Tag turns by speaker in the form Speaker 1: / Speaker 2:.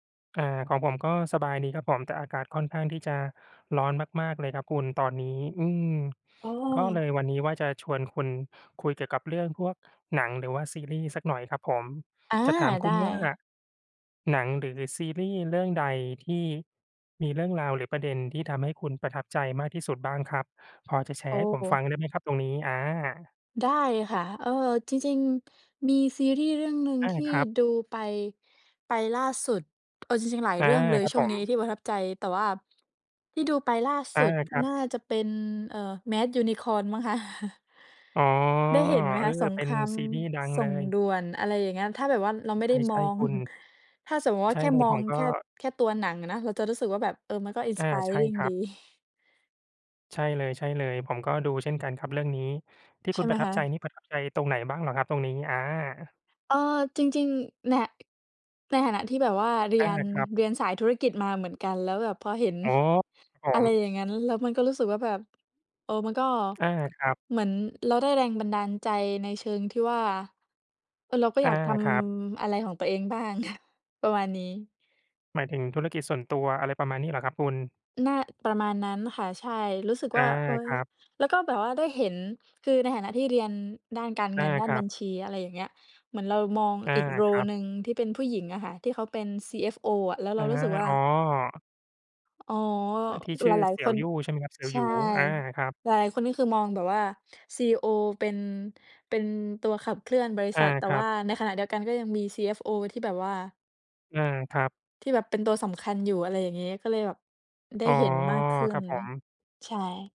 Speaker 1: อ่า ของผมก็สบายดีครับผม แต่อากาศค่อนข้างที่จะร้อนมาก ๆ เลยครับคุณ ตอนนี้ อืม
Speaker 2: อ๋
Speaker 1: ก็เล
Speaker 2: อ
Speaker 1: ยวันนี้ว่าจะชวนคุณคุยเกี่ยวกับเรื่องพวกหนัง หรือว่าซีรีส์สักหน่อยครับผม
Speaker 2: อา
Speaker 1: จะถามค
Speaker 2: ได
Speaker 1: ุณว่า
Speaker 2: ้
Speaker 1: หนังหรือซีรีส์เรื่องใดที่มีเรื่องราว หรือประเด็น ที่ทำให้คุณประทับใจมากที่สุดบ้างครับ? พอจะแช
Speaker 2: โอ
Speaker 1: ร์ให้ผมฟั
Speaker 2: ้
Speaker 1: งได้ไหมครับตรงนี้ อา
Speaker 2: ได้ค่ะ เอ่อ จริง ๆ มีซีรีส์เรื่องหนึ่ง
Speaker 1: อา
Speaker 2: ที่
Speaker 1: ครับ
Speaker 2: ดูไป ไปล่าสุด เออ จริง ๆ หลาย
Speaker 1: อา
Speaker 2: เรื่องเลย
Speaker 1: ครับ
Speaker 2: ช่
Speaker 1: ผ
Speaker 2: วงนี้
Speaker 1: ม
Speaker 2: ที่ประทับใจ แต่ว่าที่ดูไปล่า
Speaker 1: อ
Speaker 2: สุ
Speaker 1: า
Speaker 2: ด
Speaker 1: ครั
Speaker 2: น่า
Speaker 1: บ
Speaker 2: จะเป็น เอ่อ Mad Unicorn มั้งคะ
Speaker 1: อ๋อ
Speaker 2: ได้เห็นไหม
Speaker 1: เอ
Speaker 2: ค
Speaker 1: อ
Speaker 2: ะ สง
Speaker 1: เป
Speaker 2: ค
Speaker 1: ็น
Speaker 2: ราม
Speaker 1: ซีรีส์ดัง
Speaker 2: ส
Speaker 1: เ
Speaker 2: ่
Speaker 1: ล
Speaker 2: ง
Speaker 1: ย
Speaker 2: ด่วน อะไรอย่างเงี้ย ถ้าแบบว่าเราไม่ได้
Speaker 1: ใ
Speaker 2: ม
Speaker 1: ช
Speaker 2: อ
Speaker 1: ่
Speaker 2: ง
Speaker 1: ๆ คุณ
Speaker 2: ถ้าสมมุติว
Speaker 1: ใ
Speaker 2: ่
Speaker 1: ช
Speaker 2: า
Speaker 1: ่
Speaker 2: แค่
Speaker 1: เลย
Speaker 2: มอ
Speaker 1: ผ
Speaker 2: ง
Speaker 1: มก็
Speaker 2: แค่ แค่ตัวหนังอะนะ เราจะรู้สึกว่าแบบ เออ มันก็
Speaker 1: อา ใช่
Speaker 2: Inspiring
Speaker 1: คร
Speaker 2: ด
Speaker 1: ั
Speaker 2: ี
Speaker 1: บ ใช่เลย ๆ ผมก็ดูเช่นกันครับเรื่องนี้ ที่
Speaker 2: ใ
Speaker 1: ค
Speaker 2: ช
Speaker 1: ุ
Speaker 2: ่
Speaker 1: ณ
Speaker 2: ไห
Speaker 1: ป
Speaker 2: ม
Speaker 1: ระทั
Speaker 2: ค
Speaker 1: บใจ
Speaker 2: ะ?
Speaker 1: นี่ประทับใจตรงไหนบ้างเหรอครับตรงนี้? อา
Speaker 2: เออ จริง ๆ แน่ะ ในฐานะที่แบบว่าเรี
Speaker 1: อา
Speaker 2: ยน
Speaker 1: ครับ
Speaker 2: เรียนสายธุรกิจมาเหมือนกัน แล้วแบบพอเห็น
Speaker 1: โอ้โฮ ครับผ
Speaker 2: อะไร
Speaker 1: ม
Speaker 2: อย่างงั้น แล้วมันก็รู้สึกว่าแบบ เออ มันก็
Speaker 1: อา ครับ
Speaker 2: เหมือนเราได้แรงบันดาลใจในเชิงที่ว่า เออ เราก็
Speaker 1: อ
Speaker 2: อย
Speaker 1: า
Speaker 2: ากท
Speaker 1: ครับ
Speaker 2: ำอะไรของตัวเองบ้าง อะ ประมาณนี้
Speaker 1: หมายถึงธุรกิจส่วนตัว อะไรประมาณนี้เหรอครับคุณ?
Speaker 2: น่าประมาณนั้นค่ะ ใช่ รู้สึก
Speaker 1: อา
Speaker 2: ว่า เฮ้
Speaker 1: ค
Speaker 2: ย
Speaker 1: รับ
Speaker 2: แล้วก็แบบว่าได้เห็น คือในฐานะที่เรียนด้านการ
Speaker 1: อ
Speaker 2: เง
Speaker 1: า
Speaker 2: ิน ด้า
Speaker 1: ค
Speaker 2: น
Speaker 1: รั
Speaker 2: บั
Speaker 1: บ
Speaker 2: ญชี อะไรอย่างเงี้ย เหมือนเรามอง
Speaker 1: อา
Speaker 2: อีก โร
Speaker 1: คร
Speaker 2: ล
Speaker 1: ับ
Speaker 2: หนึ่ง ที่เป็นผู้หญิงอะค่ะ ที่เขาเป็น CFO อะ แล้วเ
Speaker 1: อ
Speaker 2: ร
Speaker 1: ะ
Speaker 2: าร
Speaker 1: ฮ
Speaker 2: ู้
Speaker 1: ะ
Speaker 2: สึกว่
Speaker 1: อ
Speaker 2: า
Speaker 1: ๋อ
Speaker 2: อ๋อ
Speaker 1: อ่า ที่ช
Speaker 2: ห
Speaker 1: ื
Speaker 2: ล
Speaker 1: ่อ
Speaker 2: าย
Speaker 1: เสี
Speaker 2: ๆ
Speaker 1: ่
Speaker 2: ค
Speaker 1: ยว
Speaker 2: น
Speaker 1: ยู่ ใช่ไหมครับ เสี่ยว
Speaker 2: ใช
Speaker 1: หย
Speaker 2: ่
Speaker 1: ู อา ครับ
Speaker 2: หลาย ๆ คน นี่คือมองแบบว่า CEO เป็น เป็นตัวขับเคลื่อนบริ
Speaker 1: อ
Speaker 2: ษ
Speaker 1: า
Speaker 2: ัท แต่
Speaker 1: ครั
Speaker 2: ว่
Speaker 1: บ
Speaker 2: าในขณะเดียวกันก็ยังมี CFO ที่แบบว่า
Speaker 1: อา ครับ
Speaker 2: ที่แบบเป็นตัวสำคัญอยู่ อะไรอย่างงี้ ก็เลยแบบได้
Speaker 1: อ๋อ
Speaker 2: เห็นมากขึ้
Speaker 1: ครั
Speaker 2: น
Speaker 1: บผม
Speaker 2: ใช่